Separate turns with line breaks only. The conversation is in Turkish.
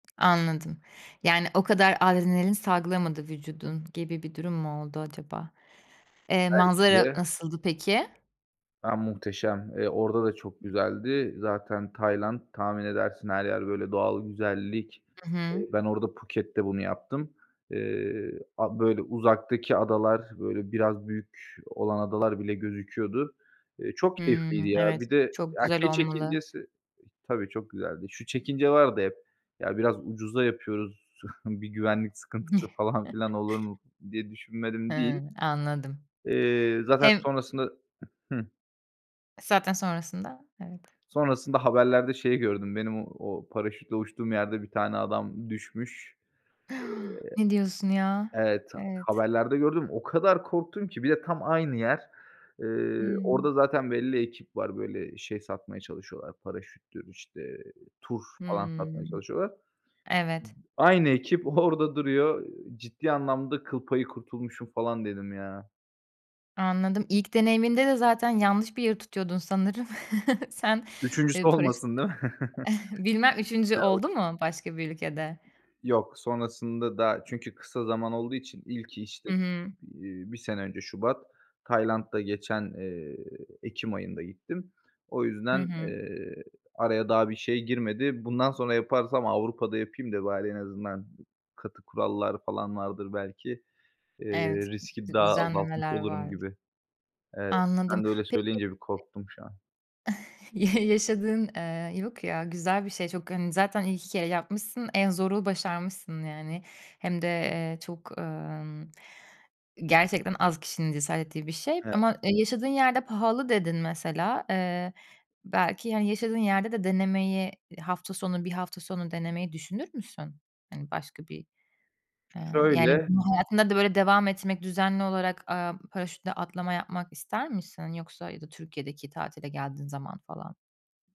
Anladım, yani, o kadar adrenalin salgılamadı vücudun gibi bir durum mu oldu acaba? Eee,
Belki
manzara
de.
nasıldı peki?
Ya, muhteşem, eee, orada da çok güzeldi. Zaten Tayland tahmin edersin her yer böyle doğal güzellik.
Hı hı.
Eee, ben orada Puket'te bunu yaptım. Eee, a böyle uzaktaki adalar, böyle, biraz büyük olan adalar bile gözüküyordu. Eee, çok keyifliydi
Hımm,
ya.
evet
Bir de,
çok
ya,
güzel
şey
olmalı.
çekincesi tabii çok güzeldi. Şu çekince vardı hep: Ya, biraz ucuza yapıyoruz, bir güvenlik sıkıntısı falan filan olur mu? Diye düşünmedim değil.
Hımm, anladım.
Eee, zaten
Hem
sonrasında hı.
Zaten sonrasında evet.
Sonrasında haberlerde şeyí gördüm, benim o paraşütle uçtuğum yerde bir tane adam düşmüş.
Hı Ne diyorsun ya?
Eee evet,
Evet.
haberlerde gördüm o kadar korktum ki bir de tam aynı yer. Eee,
Hımm.
orada zaten belli ekip var, böyle, şey satmaya çalışıyorlar paraşüttür, işte, tur falan satmaya
Hımm,
çalışıyorlar.
evet.
Aynı ekip, orada duruyor ciddi anlamda kıl payı kurtulmuşum falan dedim ya.
Anladım, ilk deneyiminde de zaten yanlış bir yeri tutuyordun sanırım. Sen,
3.sü
eee, paraşüt
olmasın değil mi?
Bilmem 3. oldu mu
[unintelligible]
başka bir ülkede?
Yok, sonrasında da, çünkü kısa zaman olduğu için ilki, işte,
Hı hı.
iii, 1 sene önce şubat Tayland'da geçen, eee, ekim ayında gittim. O
Hı
yüzden,
hı.
eee, araya daha bir şey girmedi. Bundan sonra yaparsam, Avrupa'da yapayım da, bari en azından katı kurallar falan vardır belki, eee,
Evet,
riski
d
daha azaltmış
düzenlemeler
olurum
var.
gibi. Evet,
Anladım.
sen de öyle
Peki
söyleyince bir korktum şu an.
[unintelligible] ya yaşadığın, eee yok ya güzel bir şey. Çok hani zaten ilk 2 kere yapmışsın, en zoru başarmışsın yani, hem de, eee, çok, ımm, gerçekten az kişinin cesaret ettiği bir şey,
He.
ama, e, yaşadığın yerde pahalı dedin mesela. Eee, belki, hani, yaşadığın yerde de denemeyi hafta sonu, bir hafta sonu denemeyi düşünür müsün? Hani, başka bir, ııı, yani,
Şöyle.
bu hayatında da böyle devam etmek, düzenli olarak, aaa, paraşütle atlama yapmak ister misin? Yoksa, ya da Türkiye'deki tatile geldiğin zaman falan?